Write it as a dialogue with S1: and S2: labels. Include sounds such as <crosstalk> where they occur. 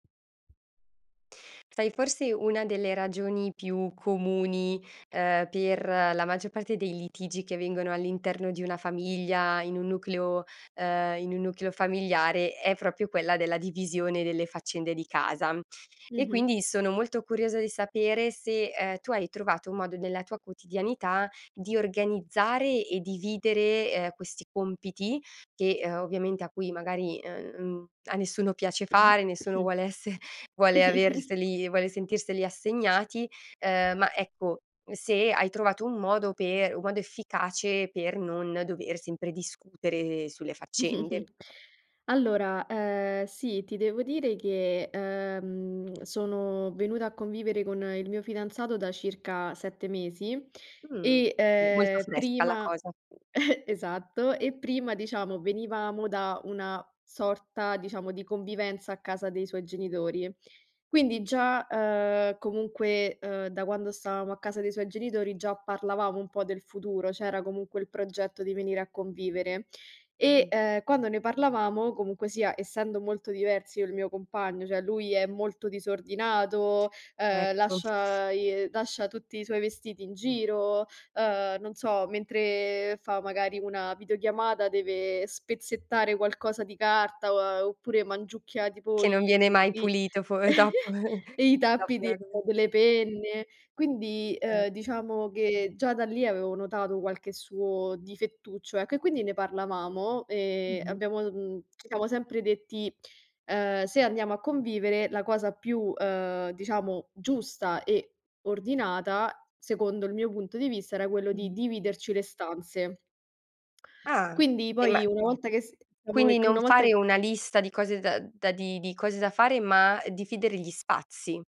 S1: Sai, forse, una delle ragioni più comuni, ehm, per la maggior parte dei litigi che avvengono all'interno di una famiglia, in un nucleo, ehm, in un nucleo familiare, è proprio quella della divisione delle faccende di casa. E
S2: Mh-mh.
S1: quindi sono molto curiosa di sapere se, ehm, tu hai trovato un modo, nella tua quotidianità, di organizzare e dividere, ehm, questi compiti che, uhm, ovviamente a cui, magari, uhm, mhmm, a nessuno piace fare, nessuno
S2: <coughs>
S1: vuole esse vuole averseli, vuole
S2: <chuckles>
S1: sentirseli assegnati, uhm, ma, ecco, se hai trovato un modo per un modo efficace per non dover sempre discutere sulle faccende.
S2: <chuckles> Allora, ehm, sì, ti devo dire che, ehm, sono venuta a convivere con il mio fidanzato da circa 7 mesi
S1: Mh,
S2: e,
S1: sì. Molto
S2: ehm,
S1: fresca la
S2: prima
S1: cosa.
S2: <chuckles> esatto, e prima, diciamo, venivamo da una sorta, diciamo, di convivenza a casa dei suoi genitori. Quindi già, uhm, comunque, uhm, da quando stavamo a casa dei suoi genitori già parlavamo un po' del futuro, c'era comunque il progetto di venire a convivere e,
S1: Mh.
S2: uhm, quando ne parlavamo, comunque sia, essendo molto diversi io e il mio compagno, cioè, lui è molto disordinato, uhm,
S1: Ecco.
S2: lascia, i lascia tutti i suoi vestiti in giro, uhm, non so, mentre fa, magari, una videochiamata deve spezzettare qualcosa di carta, oppure mangiucchia, tipo
S1: Che non
S2: i,
S1: viene
S2: mhmm,
S1: mai
S2: i
S1: pulito fo eh, dopo
S2: <chuckles>
S1: <chuckles>
S2: i
S1: dopo
S2: tappi di
S1: la do
S2: delle penne. Quindi,
S1: Eh.
S2: uhm, diciamo che già da lì avevo notato qualche suo difettuccio, ecco, e quindi ne parlavamo e
S1: Mh-mh.
S2: abbiamo, uhm, ci siamo sempre detti: “Uhm, se andiamo a convivere, la cosa più, uhm, diciamo, giusta e ordinata, secondo il mio punto di vista, era quello di
S1: Mh-mh.
S2: dividerci le stanze.”
S1: Ah,
S2: Quindi,
S1: e ma
S2: poi, una volta che s diciamo
S1: quindi
S2: che
S1: non
S2: una volta
S1: fare
S2: che
S1: una lista di cose da da di di cose da fare, ma dividere gli spazi.